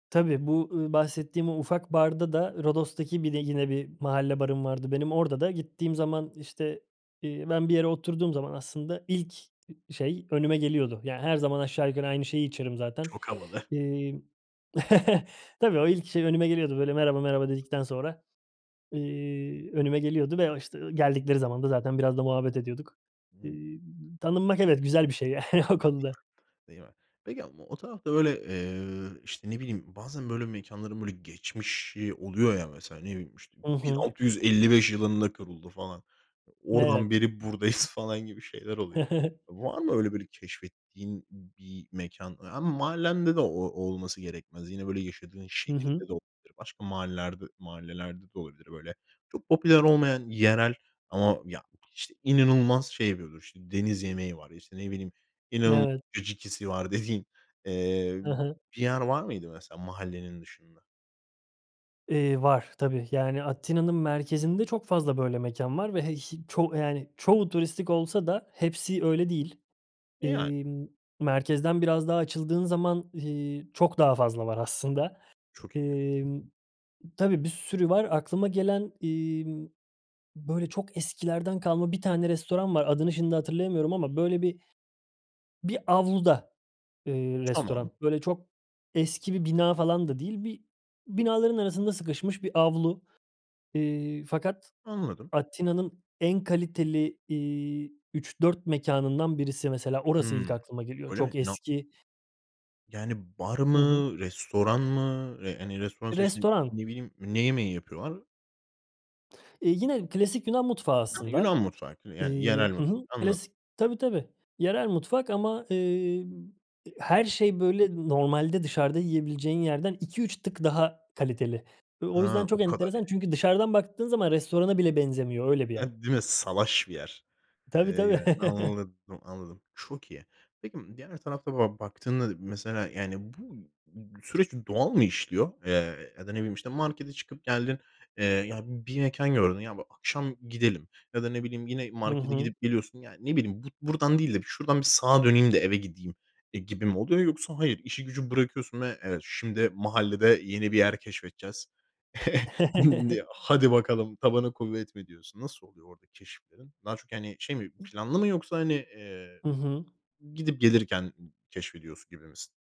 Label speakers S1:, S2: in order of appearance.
S1: Tabii bu, ııı, bahsettiğim o ufak barda da, Rodos'taki bir de yine bir mahalle barım vardı benim, orada da gittiğim zaman işte, iii, ben bir yere oturduğum zaman aslında ilk, ııı, şey önüme geliyordu. Yani her zaman aşağı yukarı aynı şeyi içerim zaten.
S2: Çok havalı.
S1: Emm, tabii o ilk şey önüme geliyordu. Böyle merhaba merhaba dedikten sonra, iii, önüme geliyordu ve o işte o geldikleri zaman da zaten biraz da muhabbet ediyorduk.
S2: Hımm.
S1: Imm tanınmak evet güzel bir şey ya o
S2: Değil
S1: konuda.
S2: mi, değil mi? Peki ama o tarafta böyle, eee, işte ne bileyim, bazen böyle mekânların böyle geçmişi oluyor ya, mesela ne bileyim işte
S1: Hı
S2: bin
S1: hı.
S2: altı yüz elli beş yılında kuruldu falan. Oradan
S1: Evet.
S2: beri buradayız falan gibi şeyler oluyor. Var mı öyle böyle keşfettiğin bir mekân? Ama mahallende de o olması gerekmez. Yine böyle yaşadığın
S1: Hı hı.
S2: şehirde de olabilir. Başka mahallelerde mahallelerde de olabilir. Böyle çok popüler olmayan, yerel ama ya işte inanılmaz şey yapıyor işte deniz yemeği var, işte ne bileyim inanılmaz
S1: Evet.
S2: caciki'si var dediğin, eee,
S1: Hı
S2: b
S1: hı.
S2: bir yer var mıydı mesela mahallenin dışında?
S1: Eee, var. Tbii yani Atina'nın merkezinde çok fazla böyle mekân var ve he ş çoğ yani çoğu turistik olsa da hepsi öyle değil.
S2: E, yani.
S1: İii, ımm, merkezden biraz daha açıldığın zaman, iii, çok daha fazla var aslında.
S2: Çok iyi.
S1: Emm, tabii bir sürü var. Aklıma gelen, emm, böyle çok eskilerden kalma bir tane restoran var. Adını şimdi hatırlayamıyorum ama böyle bir bir avluda, eee,
S2: Tamam.
S1: restoran. Böyle çok eski bir bina falan da değil. Bir binaların arasında sıkışmış bir avlu. Eee, fakat
S2: Anladım.
S1: Atina'nın en kaliteli, iii, 3-4 mekânından birisi mesela orası ilk
S2: Hımm.
S1: aklıma geliyor.
S2: Öyle mi?
S1: Çok
S2: Na
S1: eski
S2: Yani bar
S1: Hı
S2: mı?
S1: hı.
S2: Restoran mı? Re hani restoran işte
S1: Restoran.
S2: ne bileyim ne yemeği yapıyorlar?
S1: Eee, yine klasik Yunan mutfağı
S2: [unintelligible] Yunan
S1: aslında.
S2: mutfağı, yani
S1: Eee,
S2: yerel
S1: hı
S2: mutfak.
S1: hı,
S2: Anladım.
S1: klasik, tabii tabii, yerel mutfak ama, emm, her şey böyle normalde dışarıda yiyebileceğin yerden 2-3 tık daha kaliteli. O o yüzden
S2: Ha, o
S1: çok
S2: kadar
S1: enteresan
S2: yani.
S1: çünkü dışarıdan baktığın zaman restorana bile benzemiyor öyle bir yer.
S2: Evet, değil mi? Salaş bir yer.
S1: Tabii tabii.
S2: Eee, [unintelligible] anladım, anladım, çok iyi. Peki diğer tarafta böyle baktığında, mesela yani bu b süreç doğal mı işliyor? Eee, ya da ne bileyim işte markete çıkıp geldin, eee, ya bir mekân gördün, ya [unintelligible] akşam gidelim ya da ne bileyim yine
S1: Hı
S2: markete
S1: hı.
S2: gidip geliyorsun. Ya ne bileyim bu buradan değil de bir şuradan bir sağa döneyim de eve gideyim e, gibi mi oluyor? Yoksa hayır işi gücü bırakıyorsun ve evet şimdi mahallede yeni bir yer keşfedeceğiz. [unintelligible] diye hadi bakalım, tabana kuvvet mi diyorsun? Nasıl oluyor orada keşiflerin? Daha çok hani şey mi, planlı mı yoksa hani, eee,
S1: Hı hı.
S2: gidip gelirken keşfediyorsu gibi misin?